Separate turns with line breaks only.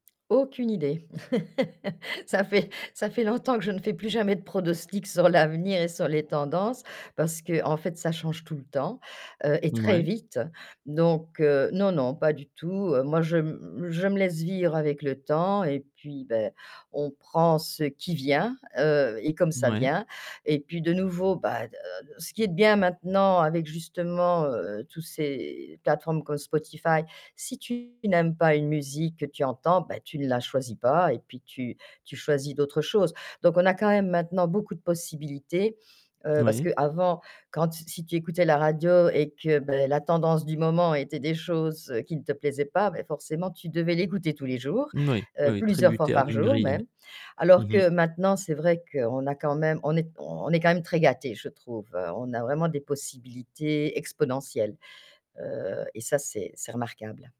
Aucune idée Ça fait, ça fait ça fait longtemps que je ne fais plus jamais de pronostic sur l'avenir et sur les tendances, parce qu'en fait, ça change tout le temps, heu, et très
Mouais.
vite. Donc, heu, non non, pas du tout, heu. Moi, je me je me laisse vivre avec le temps et puis ben, on prend ce qui vient, heu, et comme ça
Mouais.
vient et puis de nouveau bah, heu, ce qui est bien maintenant avec justement, heu, tous ces plateformes comme Spotify, si tu n'aimes pas une musique que tu entends, ben tu ne la choisis pas et puis tu tu choisis d'autres choses. Donc on a quand même maintenant beaucoup de possibilités, heu, parce
Moui.
qu'avant quand si tu écoutais la radio et que ben la tendance du moment était des choses qui ne te plaisaient pas, ben forcément tu devais l'écouter tous les jours,
Moui, oui,
heu,
oui,
plusieurs fois
tributaire
par
d'une
jour
grille.
même, alors
Mmh mh.
que maintenant, c'est vrai qu'on a quand même on est on est quand même très gâtés, je trouve. On a vraiment des possibilités exponentielles, heu, et ça, c'est c'est remarquable.